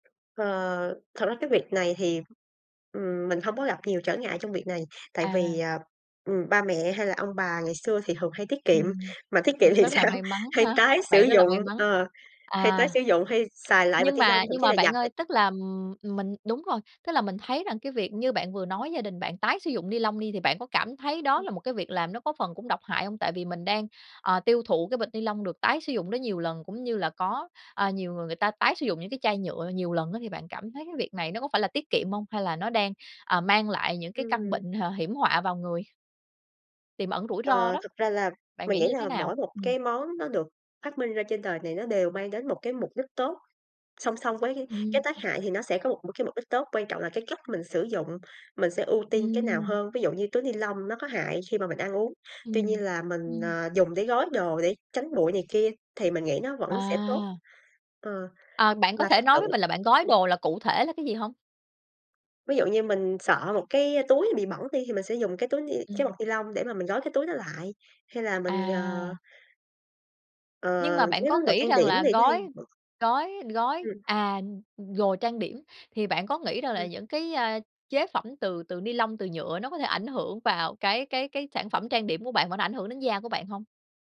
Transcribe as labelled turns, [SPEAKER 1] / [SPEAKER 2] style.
[SPEAKER 1] Ờ, thật ra cái việc này thì, ừm, mình hông có gặp nhiều trở ngại trong việc này, tại vì,
[SPEAKER 2] À.
[SPEAKER 1] à, ừm, ba mẹ hay là ông bà ngày xưa thì thường hay tiết kiệm,
[SPEAKER 2] Ừm,
[SPEAKER 1] mà tiết
[SPEAKER 2] ừm,
[SPEAKER 1] kiệm thì
[SPEAKER 2] rất là
[SPEAKER 1] sao?
[SPEAKER 2] may mắn
[SPEAKER 1] Hay
[SPEAKER 2] há.
[SPEAKER 1] tái sử
[SPEAKER 2] Bạn rất là
[SPEAKER 1] dụng
[SPEAKER 2] may mắn.
[SPEAKER 1] ờ, hay tái
[SPEAKER 2] À,
[SPEAKER 1] sử dụng, hay xài lại bịch
[SPEAKER 2] nhưng
[SPEAKER 1] ni lông,
[SPEAKER 2] mà
[SPEAKER 1] thậm
[SPEAKER 2] nhưng
[SPEAKER 1] chí
[SPEAKER 2] mà
[SPEAKER 1] là
[SPEAKER 2] bạn
[SPEAKER 1] giặt đ
[SPEAKER 2] ơi, tức là, ừm, ừm, mình đúng rồi, tức là mình thấy rằng cái việc như bạn vừa nói gia đình bạn tái sử dụng ni lông đi, thì bạn có cảm thấy đó
[SPEAKER 1] Ừm.
[SPEAKER 2] là một cái việc làm nó có phần cũng độc hại hông? Tại vì mình đang, ờ, tiêu thụ cái bịch ni lông được tái sử dụng đó nhiều lần, cũng như là có, à, nhiều người người ta tái sử dụng những cái chai nhựa nhiều lần á thì bạn cảm thấy cái việc này nó có phải là tiết kiệm hông, hay là nó đang, ờ, mang lại những cái căn
[SPEAKER 1] Ừm.
[SPEAKER 2] bệnh, h hiểm họa vào người? Tiềm ẩn rủi ro
[SPEAKER 1] Ờ,
[SPEAKER 2] đó.
[SPEAKER 1] thực ra là
[SPEAKER 2] Bạn
[SPEAKER 1] mình
[SPEAKER 2] nghĩ
[SPEAKER 1] nghĩ
[SPEAKER 2] như thế
[SPEAKER 1] là
[SPEAKER 2] nào?
[SPEAKER 1] mỗi một
[SPEAKER 2] Ừm.
[SPEAKER 1] cái món nó được phát minh ra trên đời này nó đều mang đến một cái mục đích tốt, song song với cái cái
[SPEAKER 2] Ừm.
[SPEAKER 1] tác hại thì nó sẽ có một một cái mục đích tốt, quan trọng là cái cách mình sử dụng, mình sẽ ưu tiên cái nào
[SPEAKER 2] Ừm.
[SPEAKER 1] hơn, ví dụ như túi ni lông nó có hại khi mà mình ăn uống, tuy
[SPEAKER 2] Ừm,
[SPEAKER 1] nhiên là mình,
[SPEAKER 2] ừm.
[SPEAKER 1] ờ, dùng để gói đồ để tránh bụi này kia thì mình nghĩ nó vẫn sẽ tốt.
[SPEAKER 2] À.
[SPEAKER 1] Ờ,
[SPEAKER 2] À, bạn có
[SPEAKER 1] và
[SPEAKER 2] thể
[SPEAKER 1] thực
[SPEAKER 2] nói
[SPEAKER 1] sự
[SPEAKER 2] với mình là bạn gói
[SPEAKER 1] ừm
[SPEAKER 2] đồ là cụ thể là cái gì hông?
[SPEAKER 1] Ví dụ như mình sợ một cái túi bị bẩn đi, thì mình sẽ dùng cái túi ni cái bọc
[SPEAKER 2] Ừm.
[SPEAKER 1] ni lông để mà mình gói cái túi đó lại, hay là mình, ờ
[SPEAKER 2] À.
[SPEAKER 1] Ờ,
[SPEAKER 2] Nhưng mà bạn
[SPEAKER 1] nếu
[SPEAKER 2] có
[SPEAKER 1] đồ
[SPEAKER 2] nghĩ
[SPEAKER 1] trang
[SPEAKER 2] rằng
[SPEAKER 1] điểm
[SPEAKER 2] là
[SPEAKER 1] thì nó hay
[SPEAKER 2] gói gói gói,
[SPEAKER 1] Ừm.
[SPEAKER 2] à, gồ trang điểm thì bạn có nghĩ rằng là
[SPEAKER 1] Ừm.
[SPEAKER 2] những cái, a, chế phẩm từ từ ni lông, từ nhựa nó có thể ảnh hưởng vào cái cái cái sản phẩm trang điểm của bạn và nó ảnh hưởng đến da của bạn hông?